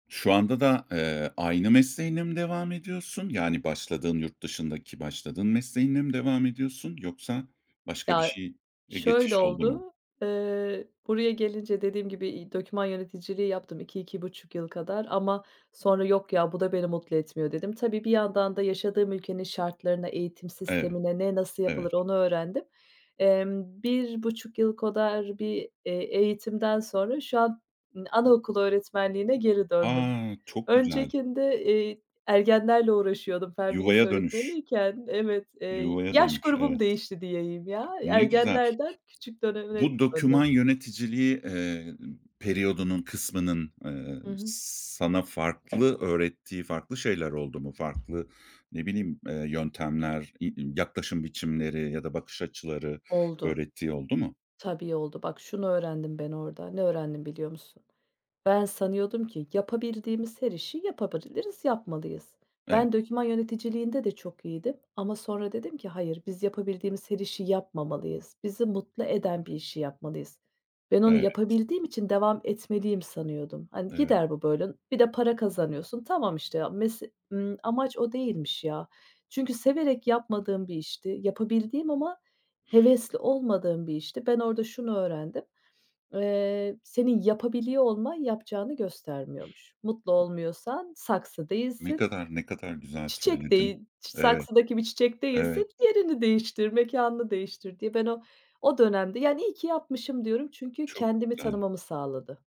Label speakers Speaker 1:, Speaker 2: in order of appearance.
Speaker 1: Şu anda da, eee, aynı mesleğinle mi devam ediyorsun? Yani, başladığın yurt dışındaki, başladığın mesleğinle mi devam ediyorsun, yoksa başka bir
Speaker 2: Ya,
Speaker 1: şeye
Speaker 2: şöyle
Speaker 1: geçiş oldu mu?
Speaker 2: oldu, eee, buraya gelince dediğim gibi i doküman yöneticiliği yaptım, 2-2.5 yıl kadar ama sonra, "Yok ya, bu da beni mutlu etmiyor." dedim. Tabii, bir yandan da yaşadığım ülkenin şartlarına, eğitim
Speaker 1: Evet.
Speaker 2: sistemine ne, nasıl
Speaker 1: Evet.
Speaker 2: yapılır, onu öğrendim. Emm, 1.5 yıl kadar bir, eee, eğitimden sonra şu an ı anaokulu öğretmenliğine geri döndüm.
Speaker 1: A, çok güzel!
Speaker 2: Öncekinde, eee, ergenlerle uğraşıyordum. Fen bilgisi
Speaker 1: Yuvaya dönüş.
Speaker 2: öğretmeniyken, evet, eee,
Speaker 1: Yuvaya
Speaker 2: yaş
Speaker 1: dönüş.
Speaker 2: grubum
Speaker 1: Evet.
Speaker 2: değişti diyeyim, ya.
Speaker 1: Ne güzel.
Speaker 2: Ergenlerden, küçük döneme
Speaker 1: Bu doküman
Speaker 2: döndüm.
Speaker 1: yöneticiliği, eee, periyodunun kısmının, eee,
Speaker 2: Hı hı.
Speaker 1: s sana farklı öğrettiği farklı şeyler oldu mu? Farklı ne bileyim, eee, yöntemler i i yaklaşım biçimleri ya da bakış açıları
Speaker 2: Oldu.
Speaker 1: öğrettiği oldu mu?
Speaker 2: Tabii, oldu. Bak şunu öğrendim ben orada, ne öğrendim biliyor musun? Ben sanıyordum ki yapabildiğimiz her işi yapabiliriz, yapmalıyız.
Speaker 1: Evet.
Speaker 2: Ben doküman yöneticiliğinde de çok iyiydim ama sonra dedim ki hayır, biz yapabildiğimiz her işi yapmamalıyız. Bizi mutlu eden bir işi yapmalıyız. Ben onu
Speaker 1: Evet.
Speaker 2: yapabildiğim için devam etmeliyim sanıyordum. Hani,
Speaker 1: Evet.
Speaker 2: gider bu böyle, n bir de para kazanıyorsun. Tamam, işte ya, mese ımm, amaç o değilmiş, ya. Çünkü severek yapmadığım bir işti. Yapabildiğim ama hevesli olmadığım bir işti. Ben orada şunu öğrendim. Eee, senin yapabiliyor olman, yapacağını göstermiyormuş. Mutlu olmuyorsan saksı
Speaker 1: Ne
Speaker 2: değilsin.
Speaker 1: kadar, ne kadar güzel
Speaker 2: Çiçek
Speaker 1: söyledin.
Speaker 2: değil, ç
Speaker 1: Evet.
Speaker 2: saksıdaki bir çiçek
Speaker 1: Evet.
Speaker 2: değilsin yerini değiştir, mekânını değiştir diye. Ben o, o dönemde yani iyi ki yapmışım diyorum çünkü
Speaker 1: Çok
Speaker 2: kendimi
Speaker 1: güzel.
Speaker 2: tanımamı sağladı.